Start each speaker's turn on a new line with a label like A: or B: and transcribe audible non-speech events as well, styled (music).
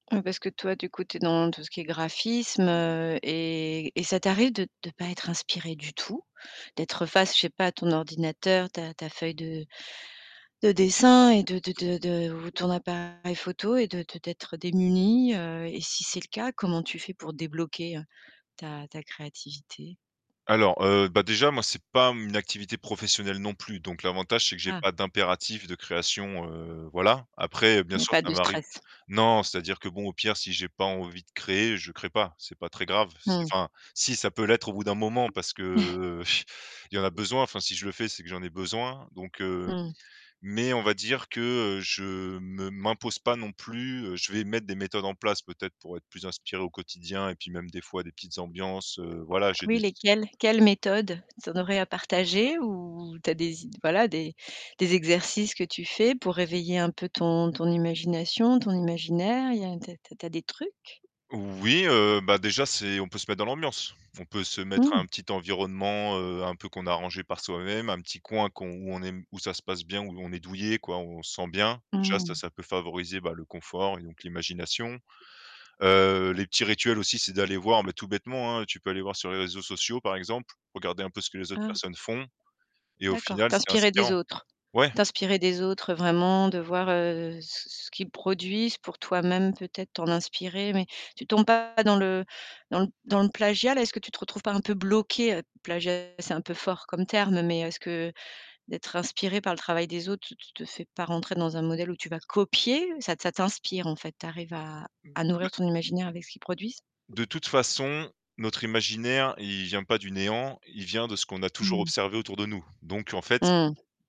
A: Heu parce que toi du coup, tu es dans tout ce qui est graphisme, heu et et ça t'arrive de de pas être inspiré du tout? D'être face, je sais pas, à ton ordinateur, ta ta feuille de de dessin et de de de de ou ton appareil photo et de de d'être démuni. Heu et si c'est le cas, comment tu fais pour débloquer ta ta créativité?
B: Alors heu, bah déjà moi, c'est pas mmh une activité professionnelle non plus donc l'avantage, c'est que j'ai
A: Ah.
B: pas d'impératif de création, heu, voilà. Après,
A: Il
B: bien
A: n'y a
B: sûr,
A: pas
B: ça
A: de
B: varie
A: stress.
B: non, c'est-à-dire que bon, au pire, si j'ai pas envie de créer, je crée pas, c'est pas très grave. C'est
A: Mmh.
B: enfin si ça peut l'être au bout d'un moment, parce que
A: (chuckles)
B: heu (chuckles) il y a en besoin. Enfin, si je le fais, c'est que j'en ai besoin, donc heu,
A: Mmh.
B: mais on va dire que, heu, je me m'impose pas non plus heu, je vais mettre des méthodes en place peut-être pour être plus inspiré au quotidien et puis même des fois des petites ambiances heu, voilà,
A: Ah
B: j'ai
A: oui,
B: des
A: lesquelles? Quelles méthodes? Tu en aurais à partager ou tu as des i voilà des des exercices que tu fais pour réveiller un peu ton ton imagination, ton imaginaire? Il y a tu as tu as tu as des trucs?
B: Oui heu, bah déjà, c'est, on peut se mettre dans l'ambiance. On peut se mettre à
A: Mmh.
B: un petit environnement, heu, un peu qu'on a arrangé par soi-même, un petit coin qu'on où on aime où ça se passe bien, où on est douillet quoi, on se sent bien. Déjà ça,
A: Mmh.
B: ça peut favoriser, bah, le confort et donc l'imagination. Heu, les petits rituels aussi, c'est d'aller voir, mais tout bêtement, hein, tu peux aller voir sur les réseaux sociaux par exemple, regarder un peu ce que les autres
A: Ah.
B: personnes font et au
A: D'accord,
B: final, c'était
A: t'inspirer des
B: inspirant.
A: autres.
B: Ouais.
A: T'inspirer des autres vraiment, de voir, heu, ce ce qu'ils produisent pour toi-même, peut-être t'en inspirer, mais tu tombes pas dans le dans dans le plagiat là? Est-ce que tu trouves pas un peu bloqué, plagiat c'est un peu fort comme terme, mais est-ce que d'être inspiré par le travail des autres, te te te fais pas rentrer dans un modèle où tu vas copier? Ça ça t'inspire en fait, tu arrives à
B: Mmh
A: à nourrir
B: mais
A: ton imaginaire avec ce qu'ils produisent?
B: De toute façon, notre imaginaire, il vient pas du néant, il vient de ce qu'on a toujours
A: Mmh.
B: observé autour de nous. Donc en fait
A: Mmh.